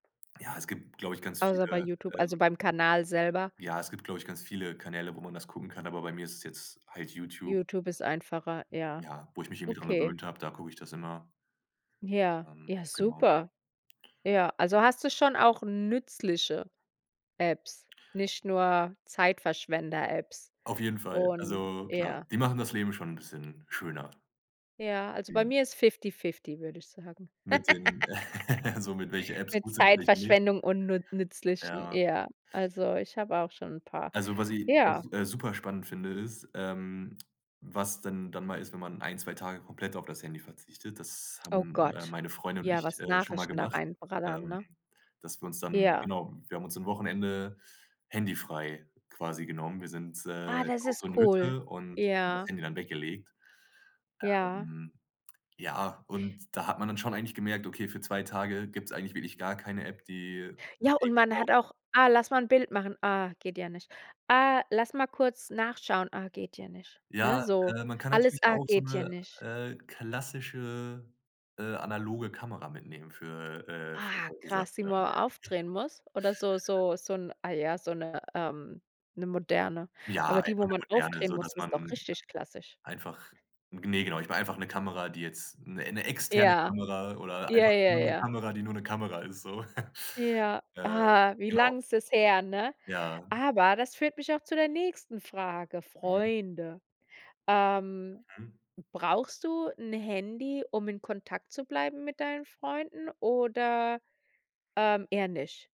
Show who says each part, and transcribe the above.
Speaker 1: Ja, es gibt, glaube ich, ganz
Speaker 2: Außer bei
Speaker 1: viele,
Speaker 2: Youtube, also
Speaker 1: ähm
Speaker 2: beim Kanal selber.
Speaker 1: Ja, es gibt, glaube ich, ganz viele Kanäle, wo man das gucken kann, aber bei mir ist es jetzt halt Youtube.
Speaker 2: Youtube ist einfacher, ja.
Speaker 1: Ja, wo ich mich irgendwie dran
Speaker 2: Okay.
Speaker 1: gewöhnt hab, da gucke ich das immer.
Speaker 2: Ja,
Speaker 1: Ähm,
Speaker 2: ja,
Speaker 1: genau.
Speaker 2: super. Ja, also hast du schon auch nützliche Apps, nicht nur Zeitverschwender-Apps
Speaker 1: Auf jeden Fall.
Speaker 2: und
Speaker 1: Also klar,
Speaker 2: Ja.
Speaker 1: die machen das Leben schon 'n bisschen schöner.
Speaker 2: Ja, also bei
Speaker 1: Eben.
Speaker 2: mir ist fifty-fifty, würde ich sagen.
Speaker 1: Mit den So mit, welche Apps
Speaker 2: Mit
Speaker 1: gut sind und welche nicht.
Speaker 2: Zeitverschwendung und nu nützlichen.
Speaker 1: Ja.
Speaker 2: Ja. Also, ich habe auch schon 'n paar.
Speaker 1: Also was i
Speaker 2: Ja.
Speaker 1: auch, äh, super spannend finde, ist, ähm, was denn dann mal ist, wenn man 1, 2 Tage komplett auf das Handy verzichtet. Das
Speaker 2: Oh
Speaker 1: haben, äh,
Speaker 2: Gott,
Speaker 1: meine Freunde und
Speaker 2: ja,
Speaker 1: ich,
Speaker 2: was
Speaker 1: äh, schon mal
Speaker 2: Nachrichten da
Speaker 1: gemacht.
Speaker 2: reinbrettern,
Speaker 1: Ähm,
Speaker 2: ne?
Speaker 1: dass wir uns dann
Speaker 2: Ja.
Speaker 1: genau, wir haben uns am Wochenende handyfrei quasi genommen. Wir sind,
Speaker 2: Ah,
Speaker 1: äh,
Speaker 2: das
Speaker 1: auf
Speaker 2: ist
Speaker 1: so 'ne
Speaker 2: cool,
Speaker 1: Hütte und haben das
Speaker 2: ja.
Speaker 1: Handy dann weggelegt.
Speaker 2: Ja.
Speaker 1: Ähm, ja, und da hat man dann schon eigentlich gemerkt, okay, für 2 Tage gibt's eigentlich wirklich gar keine App, die man
Speaker 2: Ja, und
Speaker 1: irgendwie
Speaker 2: man
Speaker 1: braucht.
Speaker 2: hat auch: „Ah, lass mal 'n Bild machen. Ah, geht ja nicht. Ah, lass mal kurz nachschauen. Ah, geht ja nicht.” Ne,
Speaker 1: Ja,
Speaker 2: so.
Speaker 1: äh, man kann
Speaker 2: Alles:
Speaker 1: natürlich
Speaker 2: „Ah,
Speaker 1: auch so
Speaker 2: geht ja
Speaker 1: 'ne,
Speaker 2: nicht.”
Speaker 1: äh, klassische, äh, analoge Kamera mitnehmen für äh, für
Speaker 2: Ah,
Speaker 1: solche Sachen
Speaker 2: krass, die wo
Speaker 1: dann.
Speaker 2: man aufdrehen muss oder so so so 'n ah ja, so 'ne ähm, 'ne moderne.
Speaker 1: Ja,
Speaker 2: Aber die,
Speaker 1: einfach
Speaker 2: wo
Speaker 1: 'ne
Speaker 2: man
Speaker 1: moderne,
Speaker 2: aufdrehen muss,
Speaker 1: sodass
Speaker 2: ist doch
Speaker 1: man
Speaker 2: richtig klassisch.
Speaker 1: einfach g ne, genau, ich meine einfach 'ne Kamera, die jetzt 'ne 'ne externe
Speaker 2: Ja.
Speaker 1: Kamera oder
Speaker 2: Ja,
Speaker 1: einfach
Speaker 2: ja,
Speaker 1: nur 'ne
Speaker 2: ja.
Speaker 1: Kamera, die nur 'ne Kamera ist so.
Speaker 2: Ja,
Speaker 1: Äh,
Speaker 2: ah, wie
Speaker 1: genau.
Speaker 2: lang ist das her, ne?
Speaker 1: Ja.
Speaker 2: Aber das führt mich auch zu der nächsten Frage:
Speaker 1: Mhm.
Speaker 2: Freunde. Ähm,
Speaker 1: Mhm.
Speaker 2: brauchst du 'n Handy, um in Kontakt zu bleiben mit deinen Freunden oder, ähm, eher nicht?